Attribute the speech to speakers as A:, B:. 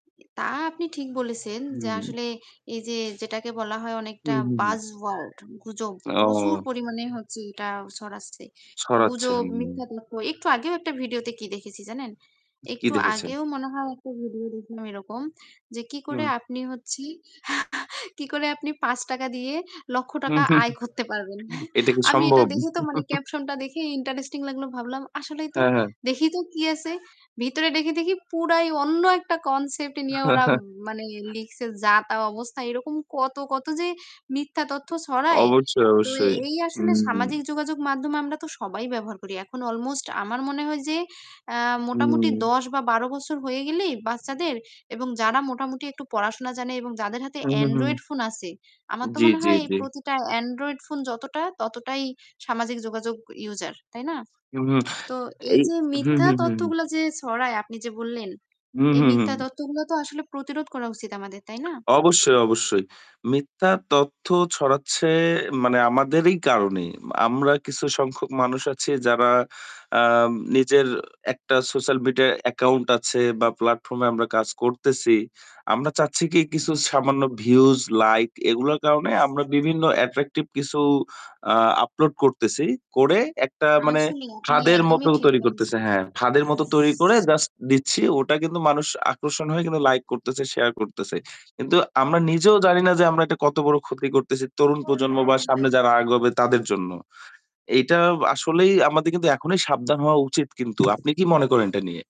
A: তা আপনি ঠিক বলেছেন যে
B: হুম।
A: আসলে এইযে যেটাকে বলা হয় অনেকটা
B: হুম, হুম,
A: বায
B: হুম।
A: ওয়ার্ড গুজব। প্রচুর
B: ও।
A: পরিমাণে হচ্ছে এটা ছড়াচ্ছে।
B: ছড়াচ্ছে।
A: গুজব,
B: হুম।
A: মিথ্যা তথ্য একটু আগেও একটা ভিডিও তে কি দেখেছি জানেন?
B: কী
A: একটু
B: দেখেছেন?
A: আগেও মনে হয় একটা ভিডিও দেখলাম এরকম যে কি করে
B: হুম।
A: আপনি হচ্ছে কি করে আপনি ৳৫ দিয়ে লক্ষ
B: হু।
A: টাকা আয় করতে পারবেন।
B: উ এটা কি
A: আমি এটা
B: সম্ভব?
A: দেখে তো মানে caption টা দেখে ইন্টারেস্টিং লাগলো। ভাবলাম, আসলেই তো
B: হ্যাঁ, হ্যাঁ।
A: দেখি তো কি আছে। ভিতরে দেখি দেখি পুরাই অন্য একটা concept নিয়ে ওরা মানে লিখছে। যা তা অবস্থা। এরকম কত, কত যে মিথ্যা তথ্য ছড়ায়।
B: অবশ্যই,
A: তো
B: অবশ্যই।
A: এই
B: হু।
A: আসলে সামাজিক যোগাযোগ মাধ্যমে আমরা তো সবাই ব্যবহার করি এখন almost আমার মনে হয় যে অ্যা মোটামুটি
B: হুম।
A: ১০ বা ১২ বছর হয়ে গেলেই বাচ্চাদের এবং যারা মোটামুটি একটু পড়াশোনা জানে এবং যাদের হাতে
B: হু, হু, হুম।
A: Android ফোন আছে আমার তো
B: জ্বী,
A: মনে
B: জ্বী,
A: হয়
B: জ্বী।
A: প্রতিটা Android ফোন যতটা, ততটাই সামাজিক যোগাযোগ user তাই না?
B: হুম।
A: তো এই
B: এই
A: যে
B: হু,
A: মিথ্যা
B: হু, হু, হুম।
A: তথ্যগুলো যে ছড়ায় আপনি যে বললেন
B: হু,
A: এই
B: হু,
A: মিথ্যা
B: হু।
A: তথ্যগুলো তো আসলে প্রতিরোধ করা উচিত আমাদের, তাই না?
B: অবশ্যই, অবশ্যই। মিথ্যা তথ্য ছড়াচ্ছে মানে আমাদেরই কারণে। মা আমরা কিছু সংখ্যক মানুষ আছি যারা আম নিজের একটা social media account আছে বা platform এ আমরা কাজ করতেছি। আমরা চাচ্ছি কি, কিছু সামান্য views, লাইক এগুলোর কারণে আমরা বিভিন্ন attractive কিছু আ upload করতেছি। করে একটা মানে
A: আসলে আপনি
B: ফাদের মতো
A: একদমই ঠিক
B: তৈরি করতেছে।
A: বলেছেন।
B: হ্যাঁ, ফাদের মত তৈরি করে জাস্ট দিচ্ছি। ওটা কিন্তু মানুষ আকর্ষণ হয়ে লাইক করতেছে, শেয়ার করতেছে। কিন্তু আমরা নিজেও জানি না যে আমরা এটা কত বড় ক্ষতি করতেছি। তরুণ প্রজন্ম বা সামনে যারা আগাবে তাদের জন্য। এইটা বা আসলেই আমাদের কিন্তু এখনই সাবধান হওয়া উচিত কিন্তু। আপনি কি মনে করেন এটা নিয়ে?